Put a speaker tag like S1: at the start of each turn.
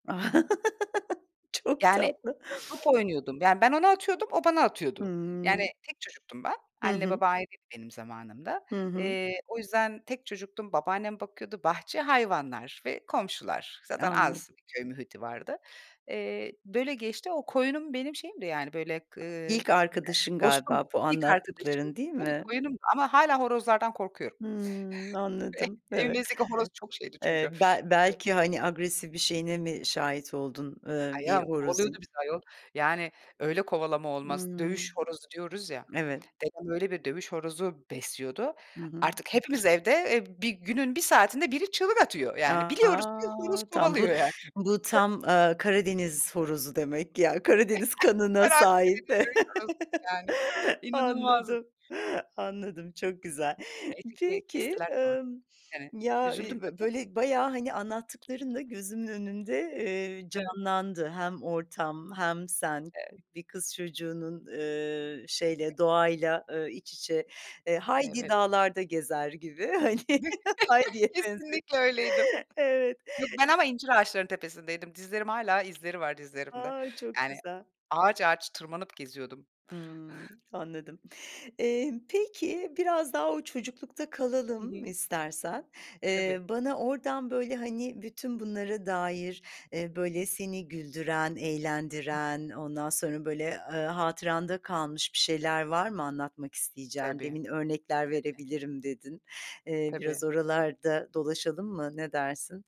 S1: A, çok
S2: Yani
S1: tatlı.
S2: top oynuyordum. Yani ben ona atıyordum, o bana atıyordu. Yani
S1: Hımm.
S2: tek çocuktum ben.
S1: Hı
S2: Anne
S1: hı.
S2: baba ayrıydı benim zamanımda.
S1: Hı hı.
S2: Eee, o yüzden tek çocuktum, babaannem bakıyordu. Bahçe, hayvanlar ve komşular. Zaten
S1: Anladım.
S2: az bir köy muhiti vardı. Eee, böyle geçti. O koyunum benim şeyimdi yani böyle k ııı,
S1: İlk arkadaşın
S2: dostum,
S1: galiba bu
S2: ilk arkadaşım.
S1: anlattıkların değil
S2: Tabii
S1: mi?
S2: koyunum ama hâlâ horozlardan korkuyorum.
S1: Hımm, anladım. Evet.
S2: Evimizdeki horoz çok şeydi
S1: Eee,
S2: çünkü
S1: be belki hani, agresif bir şeyine mi şahit oldun,
S2: A,
S1: ııı, bir
S2: ya, kovalıyordu
S1: horozun?
S2: bizi ayol. Yani öyle kovalama olmaz. Dövüş
S1: Hımm.
S2: horozu diyoruz ya.
S1: Evet.
S2: Dedem öyle bir dövüş horozu besliyordu.
S1: Hı hı.
S2: Artık hepimiz evde, eee, bir günün bir saatinde biri çığlık atıyor.
S1: A,
S2: Yani biliyoruz ki horoz
S1: a! Tam bu
S2: kovalıyor yani.
S1: bu tam, ııı, Karadeniz horozu demek ki ya,
S2: [unintelligible]
S1: Karadeniz
S2: Çok
S1: kanına
S2: fena
S1: sahip.
S2: Karadeniz dövüş horozuydu yani. İnanılmazdı.
S1: Anladım, anladım, çok güzel.
S2: Neyse ki
S1: Peki,
S2: kestiler sonra.
S1: emm,
S2: Yani
S1: ya,
S2: üzüldüm
S1: ııı,
S2: tabii
S1: bö
S2: ama.
S1: böyle bayağı hani, anlattıklarınla gözümün önünde, eee,
S2: Evet.
S1: canlandı. Hem ortam hem sen,
S2: Evet.
S1: bir kız çocuğunun, ııı, şeyle, doğayla, ııı, iç içe, eee, Heidi
S2: Evet.
S1: dağlarda gezer gibi hani, Heidi'ye benziyor.
S2: Kesinlikle öyleydim.
S1: Evet.
S2: Yok ben ama incir ağaçları tepesindeydim. Dizlerim hâlâ izleri var dizlerimde.
S1: A, çok
S2: Yani,
S1: güzel!
S2: ağaç, ağaç tırmanıp geziyordum.
S1: Hımm, anladım. Eee, peki, biraz daha o çocuklukta
S2: Hı
S1: kalalım
S2: hı.
S1: istersen. Eee,
S2: Tabii.
S1: bana oradan böyle hani, bütün bunlara dair, eee, böyle seni güldüren, eğlendiren, ondan sonra böyle, ııı, hatıranda kalmış bir şeyler var mı anlatmak
S2: Tabii,
S1: isteyeceğin? Demin örnekler
S2: tabii.
S1: verebilirim dedin. Eee, biraz
S2: Tabii.
S1: oralarda dolaşalım mı? Ne dersin?